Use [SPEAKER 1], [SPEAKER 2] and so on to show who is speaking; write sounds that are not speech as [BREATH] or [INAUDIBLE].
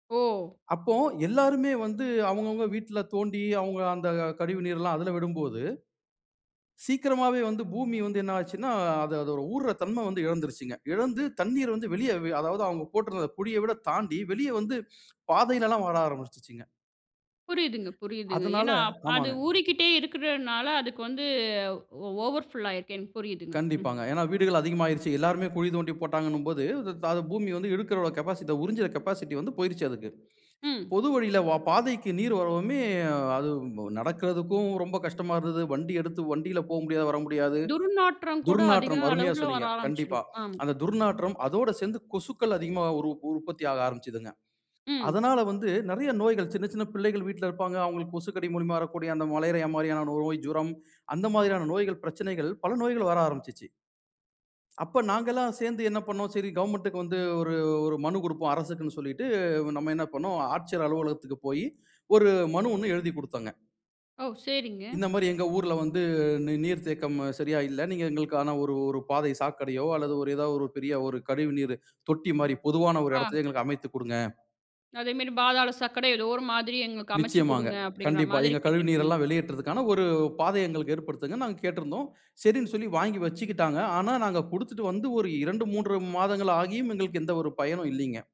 [SPEAKER 1] ஓ!
[SPEAKER 2] அப்போ, எல்லாருமே வந்து அவங்கவங்க வீட்ல தோண்டி, அவங்க அந்த கழிவுநீரெல்லாம் அதுல விடும்போது. சீக்கிரமாவே வந்து பூமி வந்து என்ன ஆச்சுனா, அது அதோட ஊர்ர தன்மை வந்து எழந்துருச்சுங்க. இழந்து தண்ணீரை வந்து வெளிய வ அதாவது அவுங்க போட்டிருந்த குழிய விட தாண்டி, வெளியே வந்து, பாதையிலெல்லாம் வர ஆரம்பிச்சிருச்சுங்க.
[SPEAKER 1] புரியுதுங்க
[SPEAKER 2] [BREATH]
[SPEAKER 1] புரியுதுங்க.
[SPEAKER 2] அதனால
[SPEAKER 1] ஏனா, அப் அது
[SPEAKER 2] ஆமாங்க.
[SPEAKER 1] ஊறிக்கிட்டே இருக்கிறனால, அதுக்கு வந்து ஒ ஓவர் ஃபுல்லாயிருக்கு. எனக்கு புரியுதுங்க. ம்.
[SPEAKER 2] கண்டிப்பாங்க. ஏனா வீடுகள் அதிகமாயிருச்சு. எல்லாருமே குழி தோண்டி போட்டாங்கனும் போது, அது த அத பூமி வந்து இழுக்கிறதோட கேபாசிட்டி த உறிஞ்சுற கேபாசிட்டி வந்து போய்ருச்சு அதுக்கு.
[SPEAKER 1] ம்.
[SPEAKER 2] பொது வழியில, வ பாதைக்கு நீர் வரவுமே, அது உம் ப நடக்கிறதுக்கும் ரொம்ப கஷ்டமா இருந்தது. வண்டி எடுத்து வண்டில போமுடியாது, வர முடியாது.
[SPEAKER 1] துர்நாற்றம் கூட அதிக
[SPEAKER 2] துர்நாற்றம் அருமையா
[SPEAKER 1] அளவுல வர
[SPEAKER 2] சொன்னீங்க கண்டிப்பா.
[SPEAKER 1] ஆரம்பிச்சிடும். ஆம்.
[SPEAKER 2] அந்த துர்நாற்றம். அதோட சேந்து கொசுக்கள் அதிகமா உரு உற்பத்தி ஆக ஆரம்பிச்சதுங்க.
[SPEAKER 1] ம்.
[SPEAKER 2] அதனால வந்து, நெறைய நோய்கள் சின்ன சின்ன பிள்ளைகள் வீட்ல இருப்பாங்க. அவுங்களுக்கு கொசுக்கடி மூலமா வரக்கூடிய அந்த மலேரியா மாரியான நோய், ஜுரம் அந்த மாதிரியான நோய்கள், பிரச்சனைகள் பல நோய்கள் வர ஆரம்பிச்சிச்சி. அப்ப நாங்கெல்லாம் சேர்ந்து என்ன பண்ணனோம்? சரி கவர்ன்மென்ட்க்கு வந்து ஒரு ஒரு மனு குடுப்போம். அரசுக்குன்னு சொல்லிட்டு, வ நம்ம என்ன பண்ணோம், ஆட்சியர் அலுவலகத்துக்கு போயி ஒரு மனு ஒண்ணு எழுதி குடுத்தோங்க.
[SPEAKER 1] ஓ! சேரிங்க.
[SPEAKER 2] இந்த மாரி எங்க ஊர்ல வந்து நீ நீர் தேக்கம் ம சரியா இல்ல. நீங்க எங்களுக்கான ஒரு ஒரு பாதை சாக்கடையோ, அல்லது ஒரு ஏதா ஒரு பெரிய ஒரு கழிவுநீரு தொட்டி மாரி, பொதுவான ஒரு
[SPEAKER 1] ஆ.
[SPEAKER 2] எடத்திலே எங்களுக்கு அமைத்துக் குடுங்க.
[SPEAKER 1] அதேமாரி, "பாதாள சாக்கட, ஏதோ ஒரு மாதிரி எங்களுக்கு அமச்சு
[SPEAKER 2] நிச்சயமாங்க.
[SPEAKER 1] குடுங்க" அப்படிங்கிற
[SPEAKER 2] கண்டிப்பா.
[SPEAKER 1] மாதிரி
[SPEAKER 2] எங்க
[SPEAKER 1] கேட்டுருக்கீங்க.
[SPEAKER 2] கழிவுநீரெல்லாம் வெளியேற்றுதற்கான, ஒரு பாதைய எங்களுக்கு ஏற்படுத்துங்கன் நாங்க கேட்டிருந்தோம். சரின்னு சொல்லி வாங்கி வச்சுக்கிட்டாங்க. ஆனா, நாங்க குடுத்துட்டு வந்து ஒரு 2, 3 மாதங்கள் ஆகியும் எங்களுக்கு எந்த ஒரு பயனும் இல்லீங்க.